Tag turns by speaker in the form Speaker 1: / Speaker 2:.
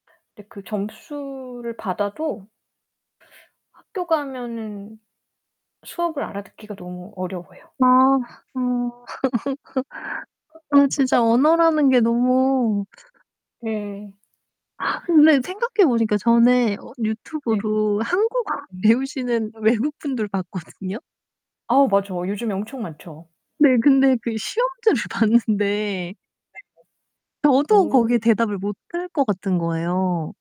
Speaker 1: 근데 그 점수를 받아도 학교 가면은 수업을 알아듣기가 너무 어려워요.
Speaker 2: 아 어. 아 진짜 언어라는 게 너무
Speaker 1: 네.
Speaker 2: 근데 생각해 보니까 전에 어
Speaker 1: 네.
Speaker 2: 유튜브로 한국어
Speaker 1: 음.
Speaker 2: 배우시는 외국분들 봤거든요.
Speaker 1: 아 맞아요. 요즘에 엄청 많죠.
Speaker 2: 네. 근데 그 시험지를 봤는데
Speaker 1: 네네.
Speaker 2: 저도
Speaker 1: 오.
Speaker 2: 거기에 대답을 못 할 것 같은 거예요.